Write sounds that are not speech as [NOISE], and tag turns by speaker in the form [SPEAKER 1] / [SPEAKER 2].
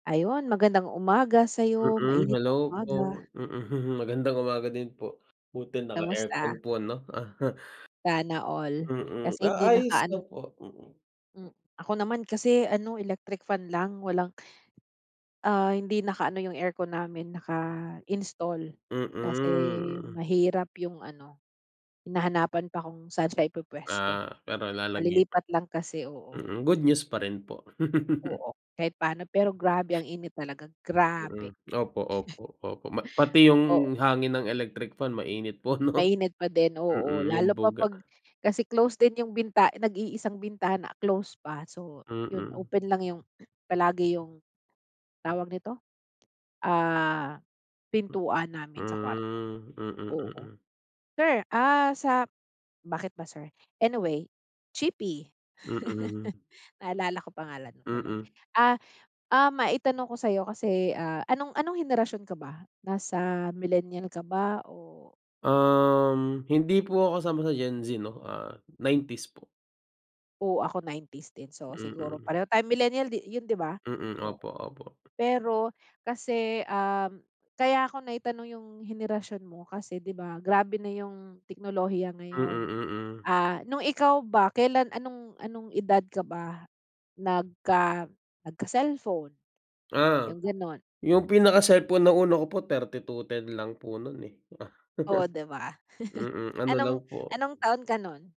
[SPEAKER 1] Ayun, magandang umaga sa'yo,
[SPEAKER 2] Mm,
[SPEAKER 1] mainit
[SPEAKER 2] hello
[SPEAKER 1] na
[SPEAKER 2] po,
[SPEAKER 1] umaga.
[SPEAKER 2] mm, magandang umaga din po, buti naka-aircon
[SPEAKER 1] Kamusta?
[SPEAKER 2] po ano, aha.
[SPEAKER 1] Sana all,
[SPEAKER 2] Mm,
[SPEAKER 1] kasi
[SPEAKER 2] ah,
[SPEAKER 1] hindi
[SPEAKER 2] ayos na
[SPEAKER 1] nakaan
[SPEAKER 2] po, mm.
[SPEAKER 1] Hmm, ako naman kasi ano electric fan lang walang ah, hindi nakaano yung aircon namin naka-install kasi
[SPEAKER 2] Mm.
[SPEAKER 1] mahirap yung ano, hinahanapan pa kung saan siya
[SPEAKER 2] Ah,
[SPEAKER 1] ipupuwesto,
[SPEAKER 2] pero lalagyan
[SPEAKER 1] kalilipat lang kasi, oo.
[SPEAKER 2] Mm, good news pa rin po. [LAUGHS]
[SPEAKER 1] Oo. kahit paano, pero grabe ang init talaga,
[SPEAKER 2] Mm,
[SPEAKER 1] grabe.
[SPEAKER 2] opo,
[SPEAKER 1] [CHUCKLES]
[SPEAKER 2] opo, opo ma pati yung
[SPEAKER 1] Oo.
[SPEAKER 2] hangin ng electric fan mainit po 'no.
[SPEAKER 1] Mainit pa din, oo,
[SPEAKER 2] Mm, yung
[SPEAKER 1] lalo pa
[SPEAKER 2] buga.
[SPEAKER 1] pag kasi close din yung binta nag-iisang bintana close pa so, yun
[SPEAKER 2] Mm.
[SPEAKER 1] open lang yung palagi yung tawag nito, ah, pintuan namin sa kwarto.
[SPEAKER 2] Hmm, mm,
[SPEAKER 1] Oo,
[SPEAKER 2] mm.
[SPEAKER 1] sir, ah, sa bakit ba sir, anyway, Chipi.
[SPEAKER 2] Mm.
[SPEAKER 1] [LAUGHS] Naalala ko pangalan mo tuloy,
[SPEAKER 2] Mm.
[SPEAKER 1] ah, ah, maitanong ko sa'yo kasi, ah, anong anong henerasyon ka ba nasa millennial ka ba o
[SPEAKER 2] Um, hindi po ako kasama sa Gen Z 'no, ah, 90s po.
[SPEAKER 1] Oo, ako 90s din so siguro
[SPEAKER 2] Mm.
[SPEAKER 1] pareho tayo millennial di yun di ba,
[SPEAKER 2] Mm,
[SPEAKER 1] oo.
[SPEAKER 2] opo, opo.
[SPEAKER 1] Pero kasi, um, kaya ako naitanong yung henerasyon mo kasi di ba, grabe na yung teknolohiya
[SPEAKER 2] Mm,
[SPEAKER 1] ngayon.
[SPEAKER 2] mm.
[SPEAKER 1] Ah, nung ikaw ba, kailan anong anong edad ka ba nagka nagka-cellphone?
[SPEAKER 2] Ah,
[SPEAKER 1] Yung ganun.
[SPEAKER 2] yung pinaka-cellphone na una ko po, 3210 lang po nun, eh. [LAUGHS]
[SPEAKER 1] Oh, di ba? [CHUCKLES]
[SPEAKER 2] Mm, ano
[SPEAKER 1] Anong
[SPEAKER 2] lang po.
[SPEAKER 1] anong taon ka nun?